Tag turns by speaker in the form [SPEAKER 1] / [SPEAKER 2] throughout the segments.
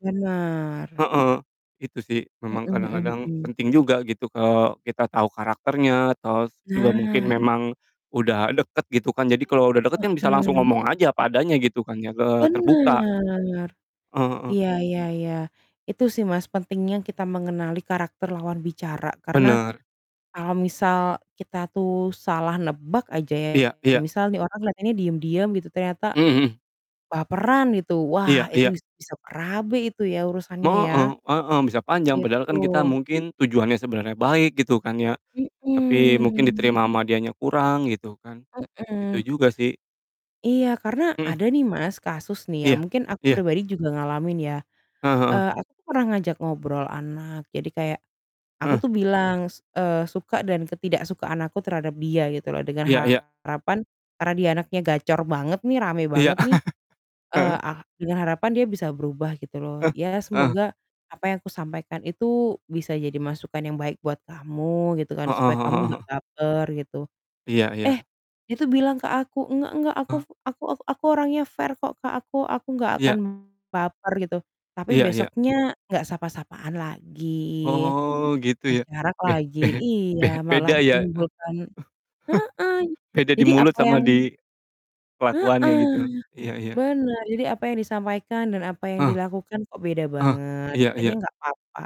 [SPEAKER 1] Benar.
[SPEAKER 2] Heeh, itu sih, memang
[SPEAKER 1] Mhm mhm
[SPEAKER 2] kadang-kadang
[SPEAKER 1] mhm.
[SPEAKER 2] penting juga gitu kalau kita tahu karakternya, atau s juga mungkin
[SPEAKER 1] Nah.
[SPEAKER 2] memang, udah deket gitu kan. Jadi kalau udah deket kan bisa langsung
[SPEAKER 1] Heeh.
[SPEAKER 2] ngomong aja, apa adanya gitu kan ya, eee, terbuka.
[SPEAKER 1] Benar.
[SPEAKER 2] Heeh.
[SPEAKER 1] Iya iya iya. Itu sih Mas, pentingnya kita mengenali karakter lawan bicara, karena
[SPEAKER 2] Benar.
[SPEAKER 1] kalau misal kita tuh salah nebak aja ya,
[SPEAKER 2] Iya iya.
[SPEAKER 1] misal nih orang kelihatannya diam-diam gitu, ternyata
[SPEAKER 2] Mmm, hmm.
[SPEAKER 1] baperan gitu. Wah
[SPEAKER 2] Iya
[SPEAKER 1] itu,
[SPEAKER 2] iya.
[SPEAKER 1] bis bisa berabe itu ya, urusannya ya.
[SPEAKER 2] Heeh- heeh, bisa panjang. Padahal
[SPEAKER 1] Gitu.
[SPEAKER 2] kan kita mungkin tujuannya sebenarnya baik gitu kan ya, tapi mungkin
[SPEAKER 1] Hmm.
[SPEAKER 2] diterima sama dianya kurang, gitu kan. Itu
[SPEAKER 1] Hmm.
[SPEAKER 2] juga sih.
[SPEAKER 1] Iya, karena
[SPEAKER 2] Mhm.
[SPEAKER 1] ada nih Mas, kasus nih ya,
[SPEAKER 2] Iya,
[SPEAKER 1] mungkin aku
[SPEAKER 2] iya.
[SPEAKER 1] pribadi juga ngalamin ya.
[SPEAKER 2] Heeh heeh.
[SPEAKER 1] Eee, aku pernah ngajak ngobrol anak, jadi kayak aku
[SPEAKER 2] Heeh.
[SPEAKER 1] tuh bilang, s eee, suka dan ketidaksukaan aku terhadap dia gitu loh, dengan
[SPEAKER 2] Iya iya.
[SPEAKER 1] harapan, karena dia anaknya gacor banget nih, rame
[SPEAKER 2] Iya.
[SPEAKER 1] banget nih, eee,
[SPEAKER 2] Heeh.
[SPEAKER 1] ah dengan harapan dia bisa berubah gitu loh.
[SPEAKER 2] Eh,
[SPEAKER 1] "Ya
[SPEAKER 2] heeh.
[SPEAKER 1] semoga, apa yang aku sampaikan itu bisa jadi masukan yang baik buat kamu, gitu kan,
[SPEAKER 2] Heeh
[SPEAKER 1] supaya kamu
[SPEAKER 2] heeh
[SPEAKER 1] nggak
[SPEAKER 2] heeh.
[SPEAKER 1] baper," gitu.
[SPEAKER 2] Iya iya.
[SPEAKER 1] Eh, dia tuh bilang ke aku, "Enggak enggak, aku
[SPEAKER 2] E
[SPEAKER 1] aku aku orangnya fair kok Kak. Aku aku nggak akan
[SPEAKER 2] Iya.
[SPEAKER 1] baper," gitu. Tapi
[SPEAKER 2] Iya iya.
[SPEAKER 1] besoknya nggak sapa-sapaan lagi,
[SPEAKER 2] Oh, gitu ya.
[SPEAKER 1] berjarak
[SPEAKER 2] Be
[SPEAKER 1] lagi.
[SPEAKER 2] be be
[SPEAKER 1] Iya, malah
[SPEAKER 2] beda ya.
[SPEAKER 1] menimbulkan heeh.
[SPEAKER 2] Beda di
[SPEAKER 1] Jadi
[SPEAKER 2] mulut
[SPEAKER 1] apa
[SPEAKER 2] sama
[SPEAKER 1] yang
[SPEAKER 2] di, kelakuannya
[SPEAKER 1] Heeh.
[SPEAKER 2] gitu. Iya iya.
[SPEAKER 1] Benar. Jadi apa yang disampaikan, dan apa yang
[SPEAKER 2] Heeh.
[SPEAKER 1] dilakukan kok beda
[SPEAKER 2] Heeh,
[SPEAKER 1] banget.
[SPEAKER 2] iya iya.
[SPEAKER 1] Katanya nggak apa-apa.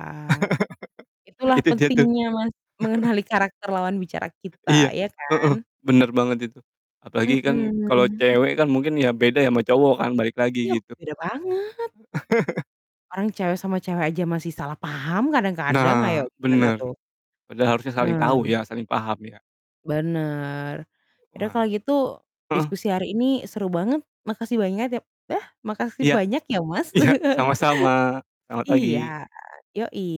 [SPEAKER 1] Itulah
[SPEAKER 2] Itu dia tuh.
[SPEAKER 1] pentingnya Mas, mengenali karakter lawan bicara
[SPEAKER 2] Iya.
[SPEAKER 1] kita, ya
[SPEAKER 2] Heeh.
[SPEAKER 1] kan?
[SPEAKER 2] Benar banget itu, apalagi kan kalau
[SPEAKER 1] Mmm.
[SPEAKER 2] cewek kan mungkin ya beda ya, sama cowok kan, balik lagi
[SPEAKER 1] Iya,
[SPEAKER 2] gitu.
[SPEAKER 1] beda banget. Orang cewek sama cewek aja masih salah paham kadang-kadang. Ayo,
[SPEAKER 2] Nah,
[SPEAKER 1] gimana
[SPEAKER 2] benar.
[SPEAKER 1] tuh?
[SPEAKER 2] Padahal harusnya saling tahu
[SPEAKER 1] Hmm.
[SPEAKER 2] ya, saling paham ya?
[SPEAKER 1] Benar. Ya udah kalau
[SPEAKER 2] Wah.
[SPEAKER 1] gitu,
[SPEAKER 2] Heeh.
[SPEAKER 1] diskusi hari ini seru banget. Makasih banyat ya yah, makasih
[SPEAKER 2] Iya,
[SPEAKER 1] banyak ya Mas.
[SPEAKER 2] iya, sama-sama. Selamat
[SPEAKER 1] Iya,
[SPEAKER 2] pagi.
[SPEAKER 1] yoi.